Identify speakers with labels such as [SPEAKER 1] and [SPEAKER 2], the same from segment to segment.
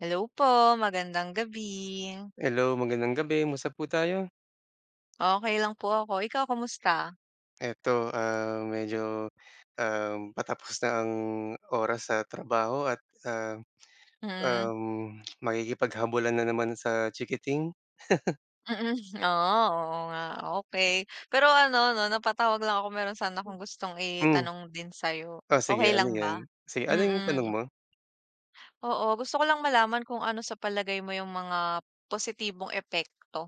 [SPEAKER 1] Hello po. Magandang gabi.
[SPEAKER 2] Hello. Magandang gabi. Musta po tayo?
[SPEAKER 1] Okey lang po ako. Ikaw kamusta?
[SPEAKER 2] Eto, ah, medyo, um, patapos na ang oras sa trabaho at, um,
[SPEAKER 1] Mm.
[SPEAKER 2] um, makikipaghabulan na naman sa chikiting.
[SPEAKER 1] Mm, oh, oo nga, okey. Pero ano 'no, napatawag lang ako meron sana akong gustong
[SPEAKER 2] Hmm.
[SPEAKER 1] itanong din sayo,
[SPEAKER 2] Oh,
[SPEAKER 1] okey
[SPEAKER 2] sige ano
[SPEAKER 1] lang ba?
[SPEAKER 2] 'yan? Sige, ano yung tanong
[SPEAKER 1] Mm.
[SPEAKER 2] mo?
[SPEAKER 1] Oo. Gusto ko lang malaman kung ano sa palagay mo yung mga positibong epekto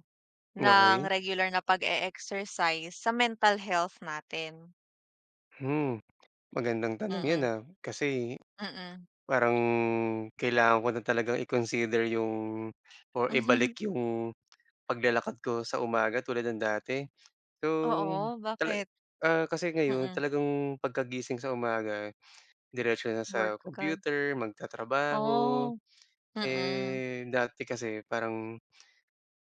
[SPEAKER 1] ng
[SPEAKER 2] Okey.
[SPEAKER 1] regular na pag-e-exercise sa mental health natin?
[SPEAKER 2] Mm, magandang tanong 'yan,
[SPEAKER 1] Mm.
[SPEAKER 2] ah, kasi,
[SPEAKER 1] Mm.
[SPEAKER 2] parang kailangan ko na talagang i-consider yung or ibalik yung paglalakad ko sa umaga tulad ng dati. So
[SPEAKER 1] Oo.
[SPEAKER 2] tala
[SPEAKER 1] Bakit?
[SPEAKER 2] ah, kasi ngayon
[SPEAKER 1] Mm.
[SPEAKER 2] talagang pagkagising sa umaga diretso na
[SPEAKER 1] Work
[SPEAKER 2] sa
[SPEAKER 1] agad.
[SPEAKER 2] computer, magtatrabaho,
[SPEAKER 1] Oh. Mm.
[SPEAKER 2] eh, dati kasi parang,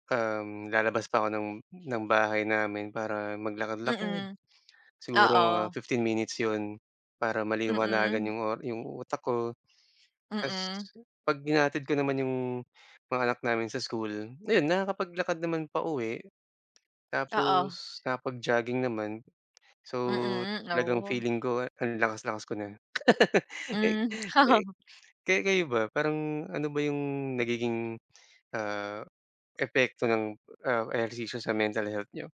[SPEAKER 2] um, lalabas pa ako ng ng bahay namin para maglakad-lakad,
[SPEAKER 1] Mm.
[SPEAKER 2] siguro mga
[SPEAKER 1] Oo.
[SPEAKER 2] 15 minutes 'yon para maliwanagan
[SPEAKER 1] Mm.
[SPEAKER 2] yung o yung utak ko. Tapos
[SPEAKER 1] Mm.
[SPEAKER 2] 'pag hinahatid ko naman yung mga anak namin sa school, ayun nakakapaglakad naman pauwi.
[SPEAKER 1] Oo.
[SPEAKER 2] Tapos nakaka-pagjogging naman. So,
[SPEAKER 1] Mm.
[SPEAKER 2] talagang
[SPEAKER 1] Oh.
[SPEAKER 2] feeling ko ang lakas-lakas ko na.
[SPEAKER 1] Hmm.
[SPEAKER 2] Kayo kayo ba, parang ano ba yung nagiging, ah, epekto ng, ah, ehersisyo sa mental health niyo?